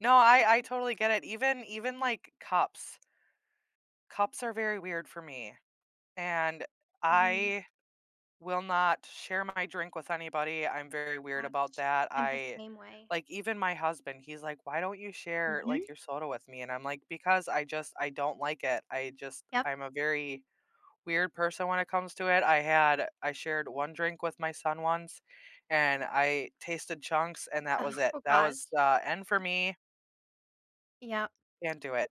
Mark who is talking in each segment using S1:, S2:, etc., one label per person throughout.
S1: No, I I totally get it, even even like cups. Cups are very weird for me and
S2: Mhm.
S1: I will not share my drink with anybody, I'm very weird about
S2: Watch
S1: that,
S2: I'm the
S1: I
S2: same way.
S1: like, even my husband, he's like, "Why don't you share,
S2: Mhm.
S1: like, your soda with me?" And I'm like, "Because I just I don't like it," I just
S2: Yep.
S1: I'm a very weird person when it comes to it, I had I shared one drink with my son once and I tasted chunks, and that was it,
S2: Oh,
S1: that was
S2: gosh.
S1: the end for me.
S2: Yep.
S1: Can't do it.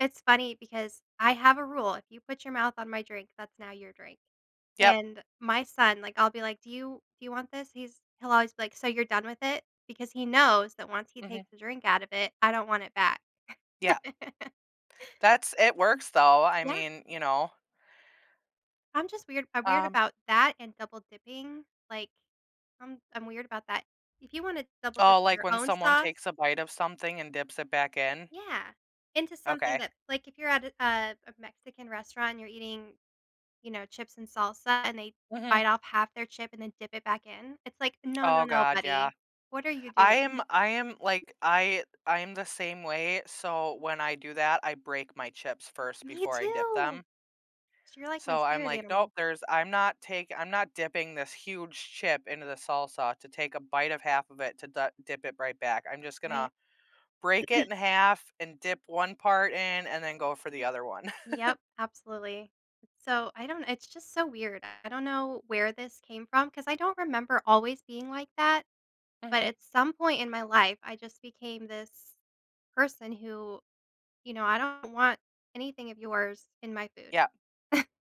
S2: It's funny because I have a rule, if you put your mouth on my drink, that's now your drink.
S1: Yep.
S2: And, my son, like, I'll be like, "Do you do you want this? He's he'll always be like, "So you're done with it? Because he knows that once he
S1: Mhm.
S2: takes the drink out of it, I don't want it back.
S1: Yep. That's it works, though, I
S2: Yeah.
S1: mean, you know,
S2: I'm just weird I'm weird
S1: Um
S2: about that and double dipping, like, I'm I'm weird about that. If you wanna double dip
S1: Oh,
S2: in
S1: like,
S2: your
S1: when
S2: own
S1: someone
S2: sauce
S1: takes a bite of something and dips it back in?
S2: Yeah, into something
S1: Okay.
S2: that like, if you're at a a Mexican restaurant and you're eating, you know, chips and salsa and they
S1: Mhm.
S2: bite off half their chip and then dip it back in, it's like, "No, no,
S1: Oh
S2: no,
S1: god, yeah.
S2: buddy, what are you
S1: I
S2: doing?"
S1: am I am, like, I I'm the same way, so, when I do that, I break my chips first
S2: Me
S1: before I dip them.
S2: too. You're like my
S1: So I'm
S2: spirit
S1: like,
S2: animal.
S1: "Nope, there's I'm not tak I'm not dipping this huge chip into the salsa to take a bite of half of it to dah dip it right back, I'm just gonna
S2: Right?
S1: break it in half and dip one part in and then go for the other one."
S2: Yep, absolutely. So, I don't it's just so weird, I don't know where this came from 'cause I don't remember always being like that, but
S1: Mhm.
S2: at some point in my life I just became this person who you know, I don't want anything of yours in my food.
S1: Yep.